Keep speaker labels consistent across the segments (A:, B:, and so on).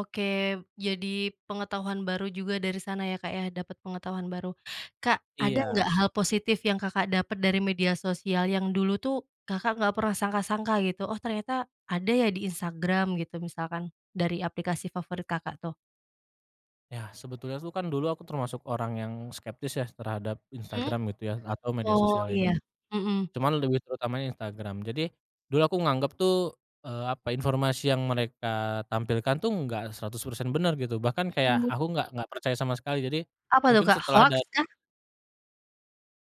A: Oke jadi pengetahuan baru juga dari sana ya, Kak, ya? Dapat pengetahuan baru, Kak, ada nggak
B: Iya.
A: hal positif yang Kakak dapat dari media sosial yang dulu itu Kakak nggak pernah sangka-sangka gitu oh ternyata ada ya di Instagram gitu misalkan dari aplikasi favorit Kakak tuh.
B: Ya sebetulnya tuh kan dulu aku termasuk orang yang skeptis ya terhadap
A: Mhm,
B: Instagram gitu ya atau media
A: oh
B: sosial lainnya
A: iya,
B: git
A: mhm.
B: cuman lebih terutamanya Instagram jadi, dulu aku nganggep tuh, eee, apa informasi yang mereka tampilkan tuh nggak 100% benar gitu bahkan kayak
A: Mhm.
B: aku gak gak percaya sama sekali jadi,
A: Apa itu,
B: mungkin
A: Kak,
B: setelah
A: hoaks
B: dat
A: kah?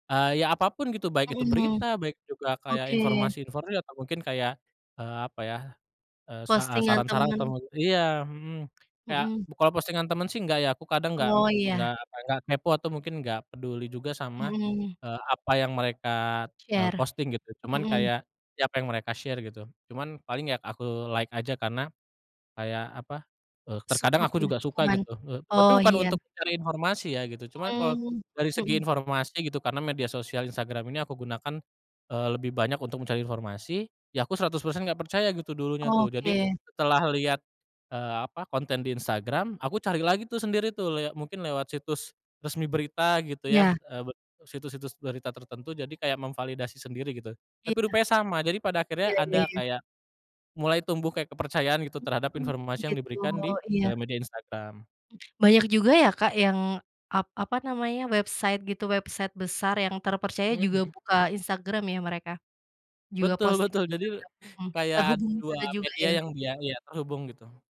B: Eee, ya apapun gitu baik itu
A: Mhm,
B: berita baik juga kayak
A: oke.
B: informasi-informasi atau mungkin kayak, eee, apa ya, eee, saha
A: Postingan
B: saran-saran atau
A: teman.
B: mne iya, mhm, ya
A: Mhm.
B: bu kalau postingan temen sih nggak ya aku kadang gak m
A: Oh
B: nggak
A: iya.
B: apa nggak kepo atau mungkin nggak peduli juga sama,
A: Mhm.
B: eee, apa yang mereka, eee,
A: Share,
B: posting gitu cuman
A: mhm.
B: kayak, ya apa yang mereka share gitu cuman paling ya aku like aja karena, kayak apa, eee, terkadang
A: Support
B: aku
A: jadi
B: juga suka
A: dukungan,
B: gitu, eee, tapi
A: oh
B: bukan
A: iya.
B: untuk mencari informasi ya gitu cuman kalau,
A: Mmm,
B: dari segi
A: mhm.
B: informasi gitu karena media sosial Instagram ini aku gunakan, eee, lebih banyak untuk mencari informasi, ya aku 100% nggak percaya gitu dulunya tuh jadi,
A: Oke.
B: setelah liat, eee, apa konten di Instagram aku cari lagi tuh sendiri tuh lia mungkin lewat situs, resmi berita gitu ya,
A: Iya.
B: eee, be situs-situs berita tertentu jadi kayak memvalidasi sendiri gitu,
A: Iya,
B: tapi rupanya sama jadi pada akhirnya
A: iya iya
B: ada
A: iya.
B: kayak, mulai tumbuh kayak kepercayaan gitu terhadap
A: Mmm,
B: informasi yang
A: gitu
B: diberikan di,
A: iya.
B: eee, media Instagram.
A: Banyak juga ya, Kak, yang ap apa namanya website gitu website besar yang terpercaya
B: Mhm
A: juga
B: mhm.
A: buka Instagram ya mereka. Juga
B: Betul
A: posting
B: betul jadi,
A: Instagram, mhm,
B: kayak ada
A: terhubung di
B: 2
A: sana juga
B: media
A: ya?
B: yang dia iya terhubung gitu.